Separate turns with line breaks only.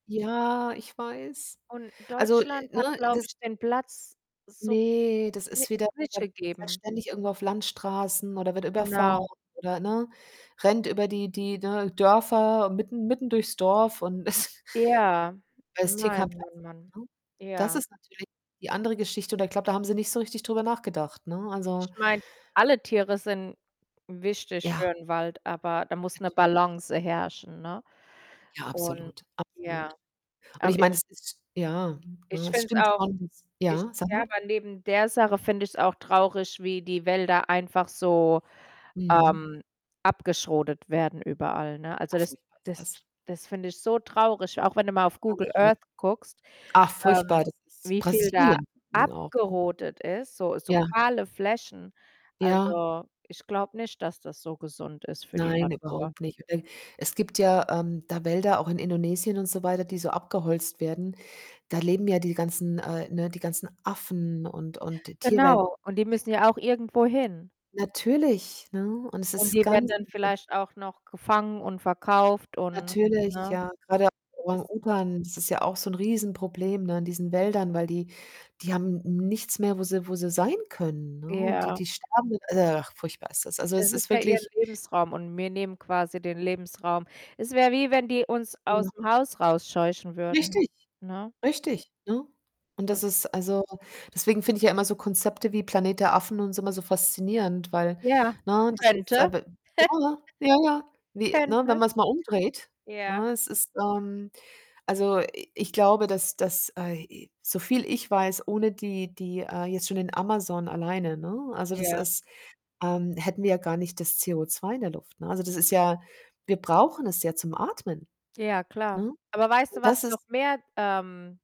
Ja, ich weiß.
Und
Also, äh,
Deutschland hat,
ne,
glaube
das
ich, den Platz so
ne, das
ni
ist wieder
ist nicht
der fährt
gegeben.
ständig irgendwo auf Landstraßen oder wird überfahren
Genau.
oder, ne, rennt über die die, ne, Dörfer mitten mitten durchs Dorf und ist
Ja,
als TK
Mann,
[unintelligible]
Mann, Mann.
ne? Das
ja.
ist natürlich die andere Geschichte und da glaube, da haben Sie nicht so richtig drüber nachgedacht, ne? Also
Ich meine, alle Tiere sind wichtig für
Ja.
'n Wald, aber da muss 'ne
Natürlich.
Balance herrschen, ne?
Ja,
Und
absolut, absolut
ja.
und ich
Aber
meine,
ich
es ist ja, ne,
ich
es
finde es
stimmt
auch
schon.
ich
Ja, sag
ja,
mal.
aber neben der Sache finde ich's auch traurig, wie die Wälder einfach so,
Mhm.
ähm, abgerodet werden überall, ne? Also,
Ach,
das
furchtbar ist
das
das.
t das finde ich so traurig, auch wenn du mal auf Google
Ganz schlimm.
Earth guckst,
Ach,
ähm,
furchtbar, das ist
wie viel da
Brasilien. [unintelligible]
abgerodet ist, so so
Ja.
kahle Flächen.
Ja.
Also, ich glaube nicht, dass das so gesund ist für die
Nein,
Natur.
überhaupt nicht und e es gibt ja, ähm, da Wälder, auch in Indonesien und so weiter, die so abgeholzt werden, da leben ja die ganzen, äh ne, die ganzen Affen und und die Tierwelten
Genau, und die müssen ja auch irgendwo hin.
Natürlich, ne, und es
Und
ist
die werden
ganz,
dann
also
vielleicht auch noch gefangen und verkauft und
Natürlich,
ne?
ja, grade auch
Es
Orang-Utan das ist ja auch so 'n Riesenproblem, ne, in diesen Wäldern, weil die die haben nichts mehr, wo sie wo sie sein können, ne? Und die
Ja.
die sterben, [unintelligible] ach furchtbar ist das. Also, es
Es
ist
ist ja ihren
wirklich
Lebensraum und mir nehmen quasi den Lebensraum. Es wäre wie, wenn die uns
Ja.
aus'm Haus rausscheuchen würden,
Richtig,
ne?
richtig, ne? Und das
[unintelligible]
ist also, deswegen finde ich ja immer so Konzepte wie Planet der Affen und so immer so faszinierend, weil
Ja,
ne das ist
könnte.
aber, ja, ja, ja, ja, wie, ne, wenn
Könnte.
man's mal umdreht,
Ja.
ne, es ist ähm, also, i ich glaube, dass dass ai i so viel ich weiß, ohne die die, äh, jetzt schon in Amazon alleine, ne, also, das
Ja.
ist ähm, hätten wir ja gar nicht das CO2 in der Luft, ne? Also, das ist ja wir brauchen es ja zum Atmen,
Ja, klar.
ne,
Aber weißt du,
und
was
das ist
noch mehr, ähm